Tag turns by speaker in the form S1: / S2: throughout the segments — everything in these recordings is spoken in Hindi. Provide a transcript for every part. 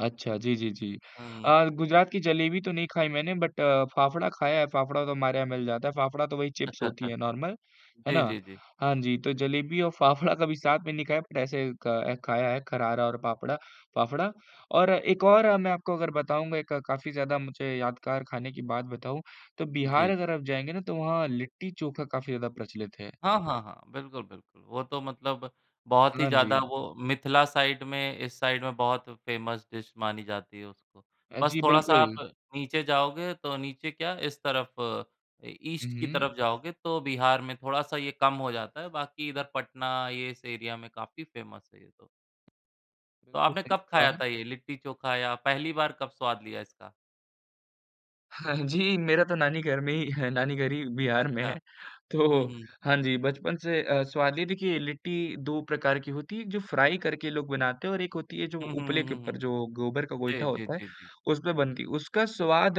S1: अच्छा, जी, जी, जी।
S2: हुँ।
S1: अ, गुजरात की जलेबी तो नहीं खाई मैंने बट फाफड़ा खाया है, फाफड़ा तो हमारे यहाँ मिल जाता है। फाफड़ा तो वही चिप्स होती है नॉर्मल है
S2: जी,
S1: ना?
S2: जी, जी।
S1: हाँ जी, तो जलेबी और फाफड़ा कभी साथ में नहीं खाया बट ऐसे अ, खाया है खरारा और फाफड़ा फाफड़ा। और एक और मैं आपको बताऊँगा एक काफ़ी ज़्यादा मुझे यादगार खाने की बात बताऊँ, तो बिहार
S2: जी।
S1: अगर आप जाएँगे ना तो वहाँ लिट्टी-चोखा काफ़ी ज़्यादा प्रचलित है।
S2: हाँ, हाँ, हाँ। बिल्कुल, बिल्कुल, वो तो मतलब बहुत ही
S1: हाँ
S2: ज़्यादा
S1: जी।
S2: वो मिथिला साइड में इस साइड में बहुत फेमस डिश मानी जाती है उसको,
S1: अ,
S2: बस
S1: जी,
S2: थोड़ा-सा
S1: बिल्कुल।
S2: आप नीचे जाओगे तो नीचे क्या इस तरफ
S1: हुँ,
S2: ईस्ट की
S1: हुँ।
S2: तरफ जाओगे तो बिहार में थोड़ा-सा ये कम हो जाता है बाकी इधर पटना ये इस एरिया में काफ़ी फेमस है ये तो। तो
S1: बिल्कुल,
S2: आपने
S1: सही
S2: कब खाया
S1: कहा।
S2: था यह लिट्टी-चोखा या पहली बार कब स्वाद लिया इसका?
S1: हाँ जी मेरा तो नानी घर में ही है नानी घर ही बिहार में
S2: अच्छा,
S1: है। तो
S2: हुँ, हुँ।
S1: हाँ जी, बचपन से अ, स्वाद है देखिए लिट्टी 2 प्रकार की होती है, जो फ्राई करके लोग बनाते हैं और एक होती है जो
S2: हुँ, हुँ,
S1: उपले
S2: हुँ,
S1: के
S2: हुँ,
S1: ऊपर
S2: हुँ।
S1: जो गोबर का
S2: जी,
S1: गोइठा
S2: जी,
S1: होता है,
S2: जी, जी।
S1: उसपे बनती है। उसका स्वाद,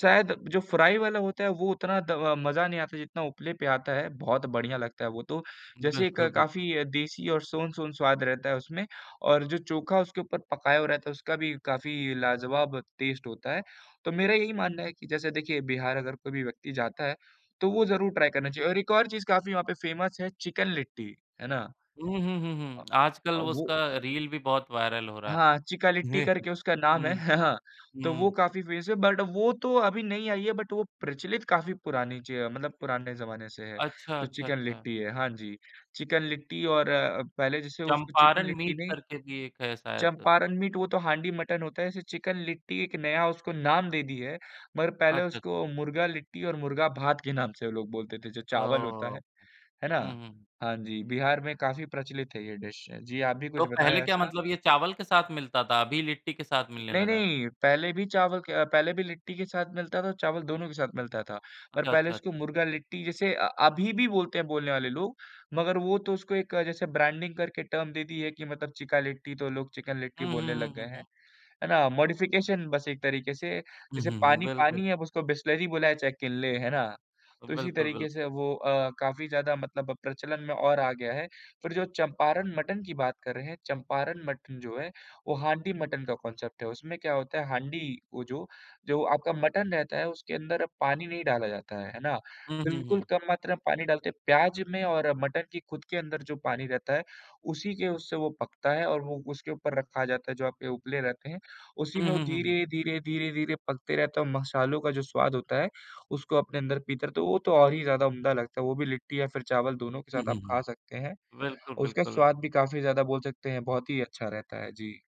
S1: शायद जो फ्राई वाला होता है वो उतना द मज़ा नहीं आता जितना उपले पे आता है, बहुत बढ़िया लगता है वो तो, जैसे एक
S2: बिल्कुल, बिल्कुल।
S1: काफ़ी देसी और सोन-सोन स्वाद रहता है उसमें। और जो चोखा उसके ऊपर पकाया हुआ रहता है, उसका भी काफ़ी लाजवाब टेस्ट होता है। तो मेरा यही मानना है कि जैसे देखिए, बिहार अगर कोई भी व्यक्ति जाता है, तो वो ज़रूर ट्राई करना चाहिए। और एक और चीज़ काफ़ी वहाँ पे फेमस है चिकन लिट्टी, है ना?
S2: हुँ, हुँ, हुँ,
S1: अ
S2: हुँ।
S1: अ,
S2: आजकल
S1: वो
S2: उसका रील भी बहुत वायरल हो रहा है।
S1: हाँ, चिका लिट्टी करके उसका नाम है,
S2: हुँ,
S1: हाँ, तो वो
S2: हुँ।
S1: काफ़ी फेमस है। बट वो तो अभी नई आयी है बट वो प्रचलित काफ़ी पुरानी चीज़ मतलब पुराने ज़माने से है।
S2: अच्छा,
S1: जो
S2: अच्छा,
S1: चिकन
S2: अच्छा।
S1: लिट्टी है, हाँ जी। चिकन लिट्टी और पहले जैसे उसको चिकन
S2: चंपारण
S1: लिट्टी
S2: मीट
S1: नहीं
S2: करके भी एक है शायद।
S1: चंपारण मीट वो तो हांडी मटन होता है, जैसे चिकन लिट्टी एक नया उसको नाम दे दी है। मगर पहले
S2: अच्छा, अच्छा।
S1: उसको मुर्गा लिट्टी और मुर्गा भात के नाम से वो लोग बोलते थे जो चावल होता
S2: ओह!
S1: है, है ना?
S2: हुँ, हुँ।
S1: हाँ जी, बिहार में काफ़ी प्रचलित है ये डिश। अ, जी, आप भी
S2: तो
S1: कुछ
S2: पहले
S1: बताया
S2: क्या
S1: ऐसा।
S2: मतलब ये चावल के साथ मिलता था अभी लिट्टी के साथ मिलने
S1: नहीं,
S2: लगा है।
S1: नहीं, पहले भी चावल के अ, पहले भी लिट्टी के साथ मिलता था, चावल दोनों के साथ मिलता था। पर
S2: अच्छा,
S1: पहले उसको
S2: अच्छा।
S1: मुर्गा लिट्टी जैसे अ, अभी भी बोलते हैं बोलने वाले लोग, मगर वो तो उसको एक जैसे ब्रांडिंग करके टर्म दे दी है कि मतलब चिका लिट्टी तो लोग चिकन लिट्टी
S2: हुँ, हुँ,
S1: बोलने
S2: हुँ,
S1: लग गए
S2: हुँ,
S1: हैं,
S2: हुँ।
S1: है ना? मॉडिफिकेशन बस एक तरीके से,
S2: हुँ,
S1: जैसे
S2: हुँ, हुँ।
S1: पानी
S2: बिल्कुल।
S1: पानी है उसको बिसलरी बुलाएँ है चाहे किनले, है ना? तो इसी
S2: बिल्कुल,
S1: तरीके से
S2: बिल्कु
S1: वो अ, काफ़ी ज़्यादा मतलब प्रचलन में और आ गया है, फिर जो चंपारण मटन की बात कर रहे हैं, चंपारण मटन जो है, वो हांडी मटन का कांसेप्ट है। उसमें क्या होता है हांडी वो जो जो आपका मटन रहता है उसके अंदर पानी नहीं डाला जाता है, है ना?
S2: हुँ, हुँ,
S1: बिल्कुल
S2: हुँ।
S1: कम मात्रा में पानी डालते हैं, प्याज़ में और मटन की खुद के अंदर जो पानी रहता है, उसी के उससे वो पकता है और वो उसके ऊपर रखा जाता है, जो आपके उपले रहते हैं, उसी
S2: हुँ,
S1: में वो
S2: हुँ, हुँ, हुँ।
S1: धीरे-धीरे, धीरे-धीरे पकते रहते हैं और मसालों का जो स्वाद होता है, उसको अपने अंदर पीते रहते है। वो तो और ही ज़्यादा उम्दा लगता है, वो भी लिट्टी या फिर चावल दोनों के
S2: हुँ,
S1: साथ
S2: हुँ,
S1: आप खा
S2: हुँ।
S1: सकते हैं।
S2: बिल्कुल,
S1: उसका
S2: बिल्कुल।
S1: स्वाद भी काफ़ी ज़्यादा बोल सकते हैं बहुत ही अच्छा रहता है, जी।